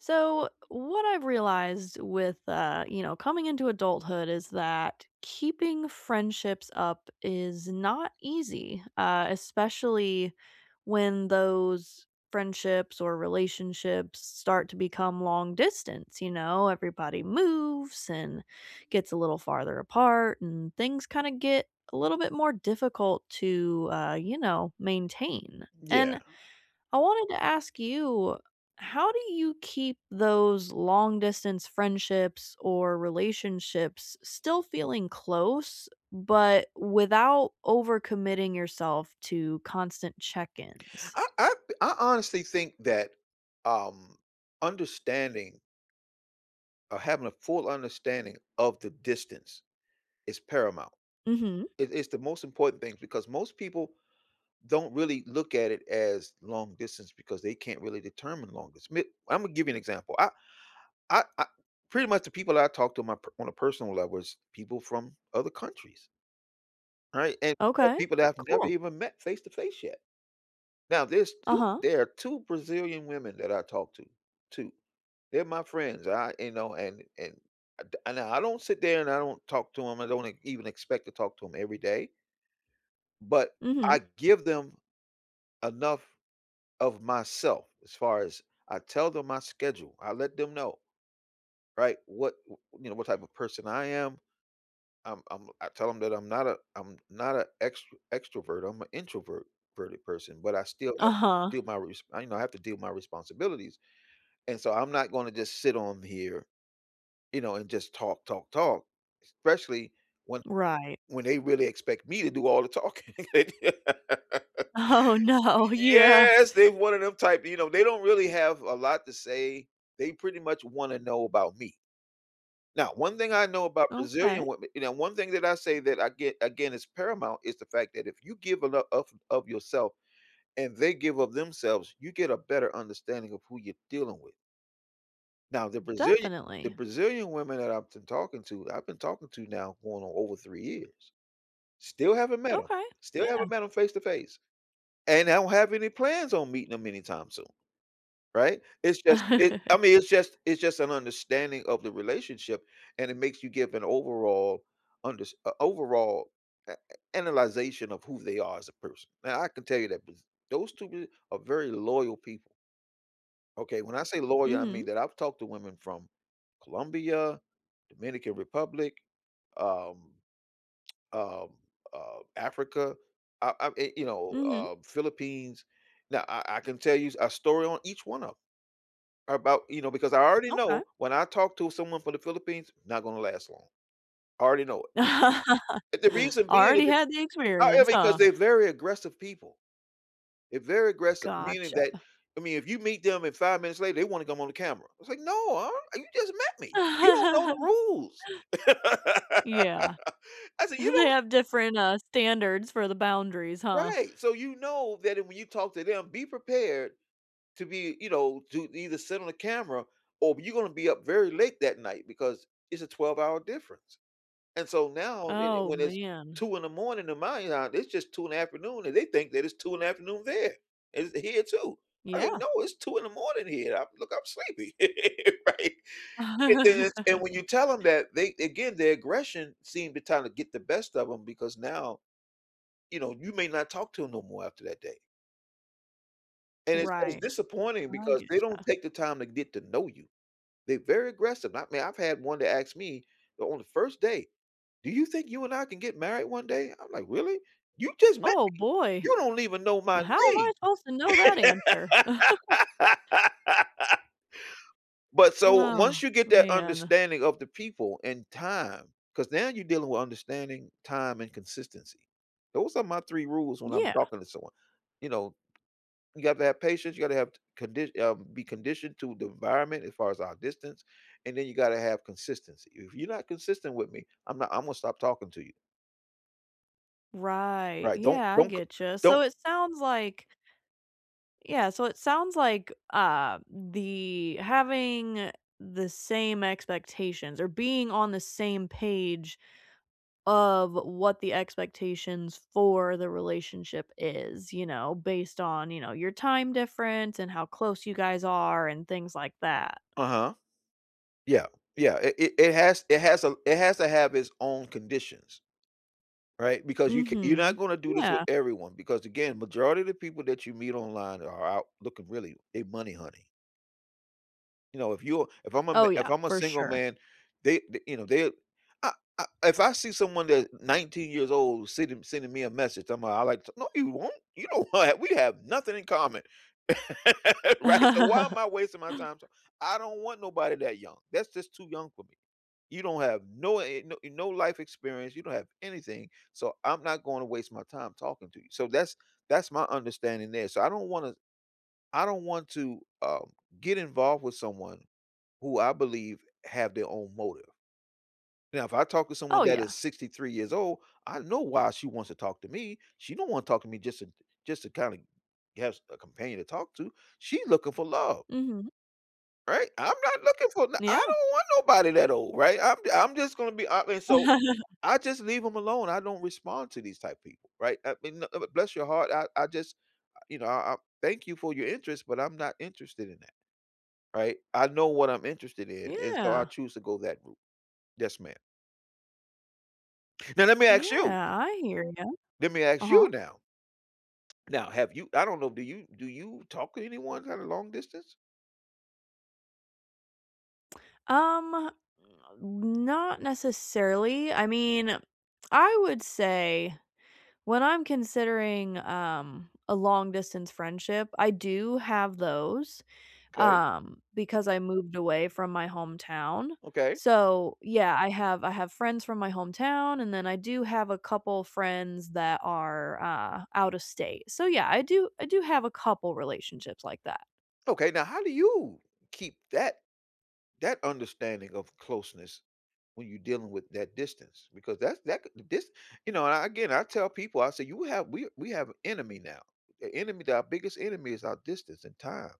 So, what I've realized with, uh, you know, coming into adulthood is that keeping friendships up is not easy- uh, especially when those friendships or relationships start to become long distance, you know. Everybody moves and gets a little farther apart and things kinda get a little bit more difficult to, uh, you know, maintain. Yeah. And I wanted to ask you, how do you keep those long-distance friendships or relationships still feeling close, but without over-committing yourself to constant check-ins? I I th I honestly think that, um, understanding or having a full understanding of the distance is paramount. Mhm. It it's the most important thing, because most people don't really look at it as long distance because they can't really determine long distance. May Imma give you an example: I I I pretty much the people I talk to my per on a personal level is people from other countries right? And there are Okay. people that I've never Cool. even met face to face yet. Now there's 2 Uh-huh. there are 2 Brazilian women that I talk to. 2. They're my friends. I you know, and and uh, d and I don't sit there, and I don't talk to 'em, I don't e even expect to talk to 'em every day but Mhm. I give them enough of myself as far as I tell them my schedule. I let them know, right, what, w what, you know, what type of person I am. I'm I'm I tell them that I'm not a I'm not a extr extrovert. I'm a introvert ...verted person, but I still have Uh-huh. deal my resp I, you know, I have to deal with my responsibilities, and so, I'm not gonna just sit on here, you know, and just talk, talk, talk, especially when Right. when they really expect me to do all the talking. Oh, no. Yeah. Yes, they've one of them type, you know, they don't really have a lot to say. They pretty much wanna know about me. Now, one thing I know about Brazilian Okay. women you know, one thing that I say that I get again is paramount is the fact that if you give enou ...ough of yourself and they give up themselves, you get a better understanding of who you're dealing with. Now the Brazilian the Definitely. Brazilian women that I've tin talking to, I've been talking to now going on over 3 years, still haven't met 'em. Okay. Still haven't Yeah. met 'em face to face, and I don't have any plans on meeting ‘em anytime soon. Right? It's just, it I mean, it's just it's just an understanding of the relationship, and it makes you give an overall unders a overall a a analyzation of who they are as a person. Now I can tell you that was those 2 b are very loyal people. Okay, when I say loyal, I mean Mhm. that I've talked to women from Colombia, Dominican Republic, um, um, uh, Africa, I, um and you know, Mhm. uh, Philippines- now I I can tell you a story on each one of or about, you know, because I already Okay. know when I talk to someone from The Philippines, not gonna last long. I already know it and the reason being it Already b had the however experience, because huh? they're very aggressive people. They're very aggressive, meaning Gotcha. that I mean, if you meet them and 5 minutes later, they wanna come on the camera. I was like, "No, um, you just met me. You don't know the rules." I Yeah. said, "You don't" They have different, uh, standards for the boundaries, huh? Right, so you know that- and when you talk to them, be prepared to be, you know, to either sit on the camera, or b you're gonna be up very late that night because it's a twelve-hour difference- and so now, it eh, Oh, when it's man. 2 in the morning in my out, it's just 2 in the afternoon and they think that it's 2 in the afternoon there. And it's here too. I mean, Yeah. "No, it's 2 in the morning here, I'm look, I'm sleepy." Right? And then it's and when you tell 'em that, they again, their aggression seem the time the get the best of 'em because now, you know, you may not talk to 'em no more after that day. And it's it's Right. disappointing I because get they don't ya. take the time to get to know you. They're very aggressive, I mean, I've had one that asked me o on the first date, "Do you think you and I can get married one day?" I'm like, "Really? You just met Oh, me. boy. You don't even know my "How am name." I supposed to know that answer?" But, so, Wow, once you get that man. understanding of the people and time, 'cause now you're dealing with understanding time and consistency, those are my 3 rules when I'm Yeah. talking to someone, you know- you got to have patience, you gotta have t condi uh, be conditioned to the environment, as far as our distance, and then you gotta have consistency, if you not consistent with me, I'm not Imma stop talking to you. Right, Right, don't yeah, I don't c get ya, so don't it sounds like yeah, so it sounds like, uh, the having the same expectations, or being on the same page of what the expectations for the relationship is, you know, based on, you know, your time difference, and how close you guys are, and things like that. Uh-huh. Yeah, yeah, it it it has it has a l it has to have its own conditions. Right? Because you ca you're not Mhm. gonna do this with Yeah. everyone because, again, majority of the people that you meet online are out looking really they money honey. You know, if you if I'm a m Oh, if yeah, I'm a for single sure. man, they th you know, they I I if I see someone that 19 years old sending sending me a message, I'm a I like, to "No, you won't. You don't want We have nothing in common." Right? So why am I wasting my time t I don't want nobody that young. That's just too young for me, "You don't have no, eh, no no life experience. You don't have anything, so I'm not going to waste my time talking to you," so that's that's my understanding there, so I don't wanna I don't want to, um, get involved with someone who I believe have their own motive. Now if I talk with someone Oh, that yeah. is 63 years old, I know why she wants to talk to me. She don't wanna talk to me just to just to kinda have s a companion to talk to. She looking for love. Mhm. Right? I'm not looking for th I Yeah. don't want nobody that old, right? I'm d I'm just gonna be hon and so I just leave 'em alone. I don't respond to these type people, right? I mean, "uh uh, bless your heart. I I just, you know, I I thank you for your interest," but I'm not interested in that, right? I know what I'm interested in, and so I Yeah. choose to go that route. Yes, ma'am. Now let me Yeah. ask you. I hear you. Let me ask you Uh-huh. now. Now have you I don't know. Do you do you talk to anyone kinda long distance? Um, eh, not necessarily. I mean, I would say, when I'm considering, um, a long-distance friendship, I do have those, 'Kay. um, because I moved away from my hometown, Okay. so yeah, I have I have friends from my hometown and then I do have a couple friends that are, uh, out of state. So, yeah, I do I do have a couple relationships like that. Okay. Now how do you keep that that understanding of closeness when you're dealing with that distance? Because that's that, cou this you know, a again, I tell people, I say, "You have we we have enemy now. The enemy that our biggest enemy is our distance and time."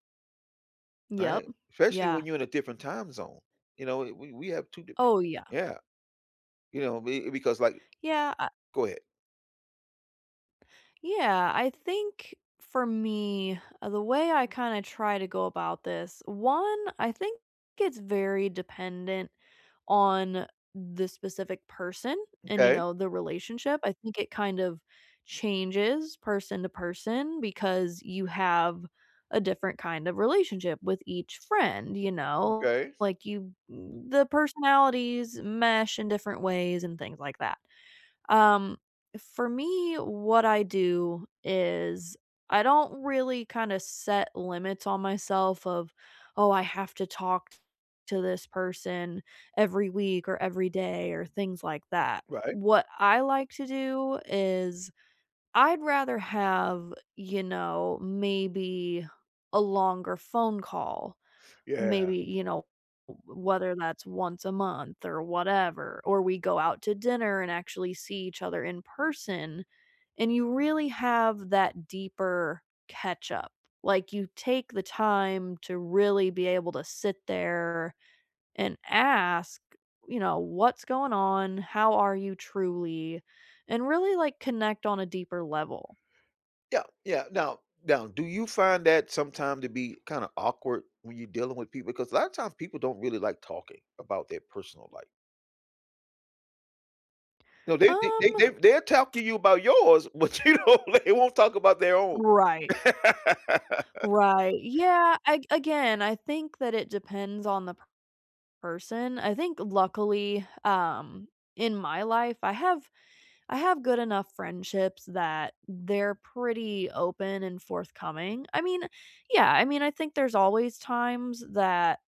Yep. Right? Especially Yeah. when you're in a different time zone. You know? We we we have 2 di Oh, yeah. Yeah. You know? B because, like Yeah I Go ahead. Yeah, I think for me, the way I kinda try to go about this: 1, I think it's very dependent on the specific person and, you Okay. know, the relationship, I think it kind of changes person-to-person because you have a different kind of relationship with each friend, you know? Okay. Like, you the personalities mesh in different ways and things like that. Um, for me, what I do is I don't really kinda set limits on myself of, "Oh, I have to talk to this person every week or every day or things like that," Right. what I like to do is, I'd rather have, you know, maybe a longer phone call Yeah. maybe, you know, w whether that's once a month, or whatever, or we go out to dinner and actually see each other in person and you really have that deeper catch-up, like you take the time to really be able to sit there and ask, you know, "What's going on? How are you truly?" and really, like, connect on a deeper level. Yeah, yeah, now, now, do you find that sometime to be kinda awkward when you're dealing with people? 'Cause a lotta times, people don't really like talking about their personal life. No, they they they Um they've they'll talk to you about yours, but you don't they won't talk about their own. Right. Right. Yeah, a again, I think that it depends on the p person. I think, luckily, um, in my life, I have I have good enough friendships that they're pretty open and forthcoming. I mean, yeah I mean, I think there's always times that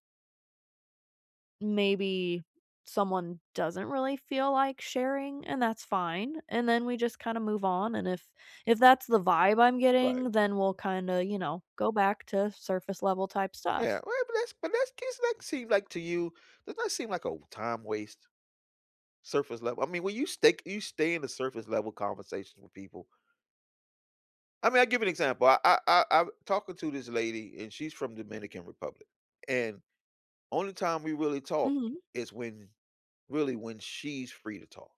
maybe someone doesn't really feel like sharing and that's fine, and then we just kinda move on, and if if that's the vibe I'm Right. getting, then we'll kinda, you know, go back to surface-level type Yeah, stuff. well, but that's but that's case, like seem like to you does that seem like a w time waste, surface-level I mean, when you stake you stay in the surface-level conversations with people I mean, I give an example. I I I've talking to this lady, and she's from Dominican Republic, and only time we really talk Mhm. is when really, when she's free to talk.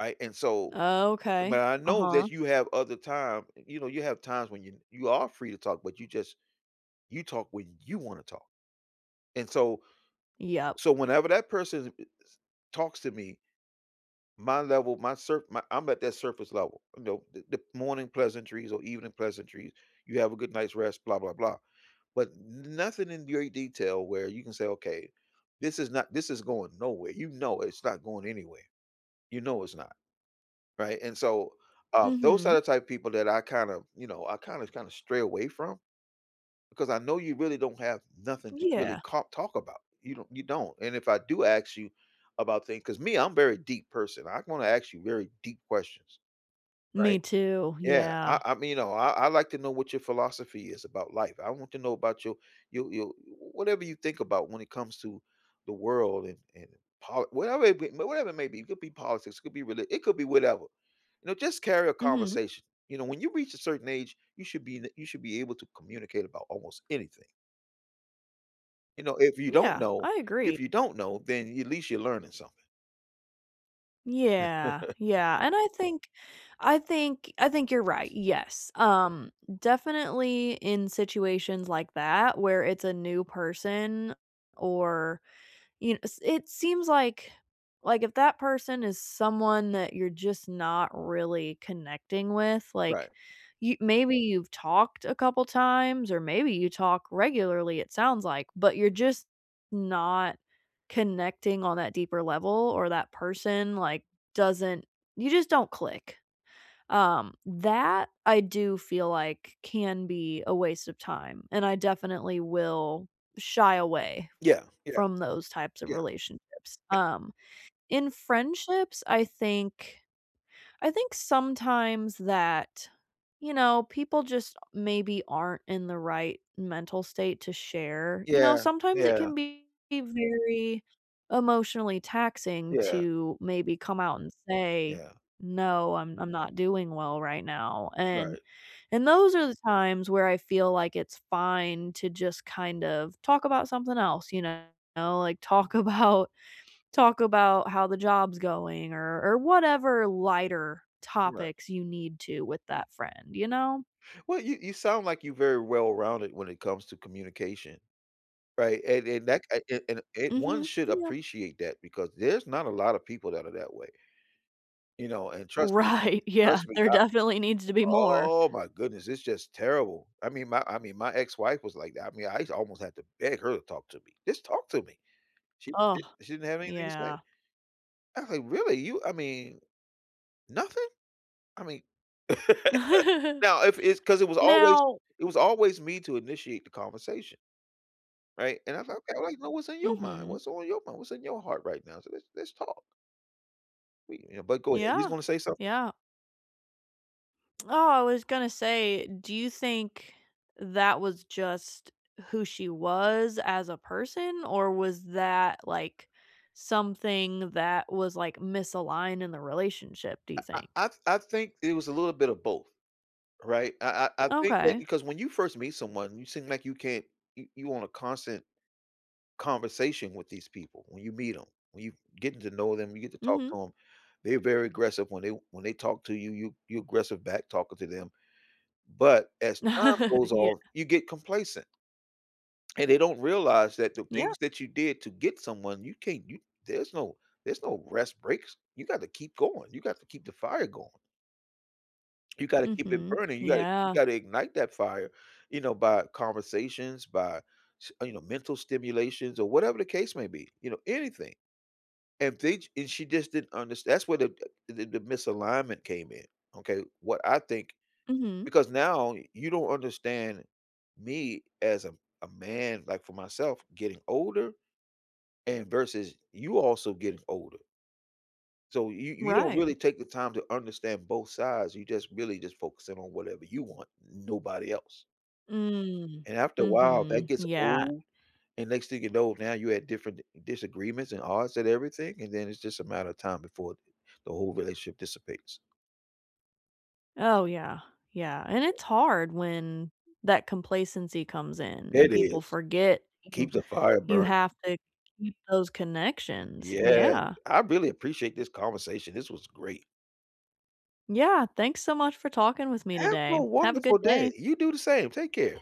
I and so, eh, but Okay, I know uh-huh. that you have other time, you know, you have times when you you are free to talk, but you just you talk when you wanna talk. And so Yep. so whenever that person i is talks to me, my level, my surf my I'm at that surface level, y'know, the the morning pleasantries or evening pleasantries, "You have a good night's rest" blah, blah blah, but n nothing in your detail where you can say, "Okay, this is not this is going nowhere," you know it's not going anywhere, you know it's not, right? And so, um, those are Mhm. the type people that I kinda, you know, I kinda kinda stray away from, 'cause I know you really don't have nothing to really Yeah. ca talk about, you don you don't, and if I do ask you about things 'cause me, I'm very deep person, I wanna ask you very deep questions, Me right? too, Yeah, I yeah. I mean, y'know, I I like to know what your philosophy is about life, I want to know about you you you, w whatever you think about when it comes to the world and and pol whatever it be, whatever it may be, it could be politics, it could be reli it could be whatever. You know, just carry a Mhm. conversation, you know, when you reach a certain age, you should be in a you should be able to communicate about almost anything. You know, if you don't Yeah, know I agree. if you don't know, then at least you're learning something. Yeah, yeah. And I think I think I think you're right, yes, um, definitely in situations like that where it's a new person or, y kn s it seems like, like if that person is someone that you're just not really connecting with, Right. like, y maybe you've talked a couple times- or maybe you talk regularly, it sounds like- but you're just not connecting on that deeper level or that person like, doesn't you just don't click. Um, that I do feel like can be a waste of time and I definitely will shy away Yeah. Yeah. from those types of Yeah. relationships. Ye Um, in friendships, I think I think sometimes that, you know, people just maybe aren't in the right mental state to share. You know, Yeah. sometimes it Yeah. can be very emotionally taxing Yeah. to maybe come out and say, Yeah. “No, I'm I'm not doing well right now." And, Right. and those are the times where I feel like it's fine to just kind of talk about something else, you know. Like, talk about talk about how the job's going or or whatever lighter Right. topics you need to with that friend, you know? Well, you you sound like you very well-rounded when it comes to communication. Right? And and that c a and and one Mhm. should Yeah. appreciate that because there's not a lot of people that are that way. You know? And trust me. Right. Yeah. Trust me. There I definitely needs to be more. oh my goodness. It's just terrible. I mean my I mean my ex-wife was like that. I mean I used to almost had to beg her to talk to me. Just talk to me. She Oh, d she didn't have anything to say. yeah. I was like, “Really, you I mean nothing?” I mean now if it's 'cause it was always Now it was always me to initiate the conversation. Right, and I'm like, "Okay, I’d like to know what's on your mind Mhm. what's on your m what's in your heart right now? So let's let's talk." We you know but go ahead, you was Yeah. gonna say something? Yeah. Oh, I was gonna say, do you think that was just who she was as a person or was that, like, something that was, like, misaligned in the relationship do I you think? I I th I think it was a little bit of both, right? I I I think that Okay. because when you first meet someone, you seem like you can't you you want a constant conversation with these people, when you meet 'em, when you getting to know them, you get to talk Mhm. to 'em. They're very aggressive when they when they talk to you, you you aggressive back talking to them. But as time goes off, Yeah. you get complacent. And they don't realize that the Yeah. things that you did to get someone, you can't you there's no there's no rest breaks. You gotta keep going, you got to keep the fire going. You gotta keep it Mhm. burning. You gotta you Yeah. gotta ignite that fire, you know, by conversations, by sh you know, mental stimulations or whatever the case may be, you know, anything. And they j and she just didn't underst that's where the d the d the misalignment came in, okay? What I think Mhm. Because now you don't understand me as a a man, like for myself, getting older, and versus you also getting older so you you don't Right. really take the time to understand both sides. You just really just focus in on whatever you want, nobody else. Mm. And after a while, that Mhm. gets Yeah. old, and next thing you know, now you had different disagreements and odds and everything, and then it's just a matter of time before the the whole relationship dissipates. Oh, yeah. Yeah. And it's hard when that complacency comes in and It people is. forget you Keep the fire you burn have to keep those connections. Yeah. Yeah. I really appreciate this conversation. This was great. Yeah. Thanks so much for talking with me Have today. a Have a wonderful good day. day. You do the same. Take care.